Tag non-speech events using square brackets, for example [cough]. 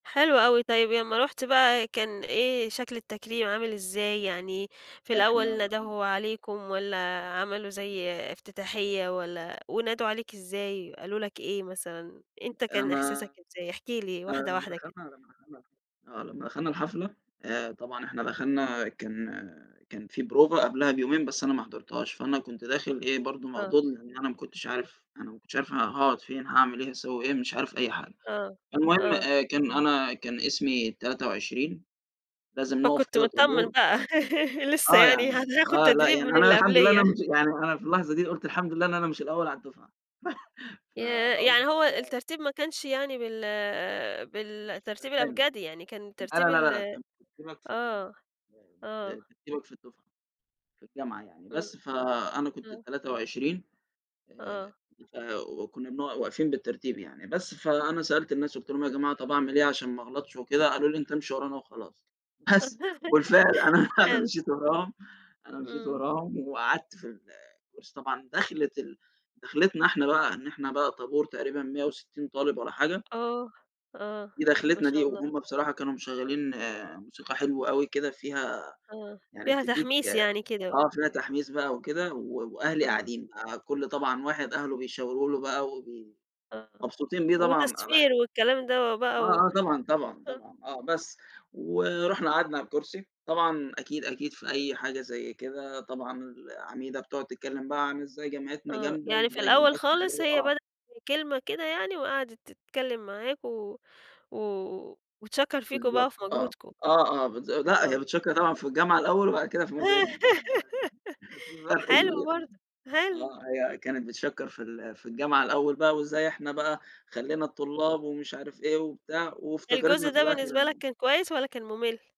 حلو أوي، طيب يمّا رُحت بقى كان إيه شكل التكريم عامل إزاي؟ يعني في إحنا الأول ال أم ندهوا عليكم والّا عملوا زي إفتتاحية، والّا ونادوا عليك إزاي، قالوا لك إيه مثلًا؟ أنت أ كان أنا إحساسك إزاي؟ احكِ لي آآ، واحدة، لمّا واحدة كده. دخلنا لمّا دخلنا الحف آه، لمّا دخلنا الحفلة آآ، طبعًا إحنا دخلنا كان كان في بروفة قبلها بيومين بس أنا ما حضرتهاش، فأنا كنت داخل إيه برضه آه. موضوع ال إن أنا ما كنتش عارف أنا ما كنتش عارف أنا هاقعُد فين، هاعمل إيه، هاسوّي إيه؟ مش عارف أي حاجة. آه، المهم آه. آآ، كان أنا كان اسمي ال23، لازم نُقف فكنت كده متطمن طابور بقى، [laughs] لسه آه، يعني، يعني أنا هاخد آه لأ تدريب يعني من أنا اللي الحمد لله أنا قبليّا. مش يعني أنا في اللحظة دي قُلت الحمد لله إن أنا مش الأول على الدفعة [chuckles] ياه! فقُلت يعني هو الترتيب ما كانش يعني بال مش بالترتيب بالأسامي الأبجدي، يعني كان لا، بترتيب لا، ال لا كان ترتيبك في آه، [unintelligible] ب آه. بترتيبك في الدفعة، في الجامعة يعني، إمم. بس فأنا كنت إمم. ال23 آه. آآ، فو وكنّا بنقع واقفين بالترتيب يعني، بس فأنا سألت الناس قُلت لهم: "يا جماعة طَب أعمل إيه عشان ما اغلطش وكده؟" قالوا لي: "أنت امشي ورانا وخلاص." بس وبالفعل [laughs] أنا، أنا حلو. مشيت وراهم، أنا مشيت إمم. وراهم وقعدت في الكُرسي طبعًا، دَخلة ال دَخلِتنا إحنا بقى إن إحنا بقى طابور تقريبًا 160 طالب واّلا حاجة. آه، آه ما ودَخلِتنا دي شاء الله. وهُم بصراحة كانوا مشغّلين موسيقى حلوة أوي كده فيها آه، يعني فيها بتدّيك تحميس يعني كده. آه، فيها تحميس بقى وكده و وأهلي آه. قاعدين بقى، كل طبعًا واحد أهله بيشاورو له بقى وبي آه، مبسوطين بيه طبعًا ال وتصفير والكلام ده آه، وبقى و آه طبعًا، طبعًا، آه. طبعًا آه بس، ورُحنا قعدنا على الكُرسي، طبعًا أكيد، أكيد في أي حاجة زي كده طبعًا العميدة بتقعُد تتكلم بقى عن إزاي جامعتنا آه، جامدة يعني في وإزاي الأول جامعتنا اللي خالص هو هي آه. بدأت بكلمة كده يعني وقعدِت تتكلم معاكم و و وتشكّر فيكم بقى بالضبط وفي آه، مجهودكم. آه، آه بالض لأ آه. هي بتشكّر طبعًا في الجامعة الأول وبعد كده في مجهودنا، [laughs] [unintelligible] في فرق حلو كبير برضه، حلو. آه، هي كانت بتشكّر في ال في الجامعة الأول بقى وإزاي إحنا بقى خلّينا آه. الطلاب ومش عارف إيه وبتاع، الجزء وافتكرِتنا في ده الآخر بالنسبة لك إنه كان كويس والّا كان مُمل؟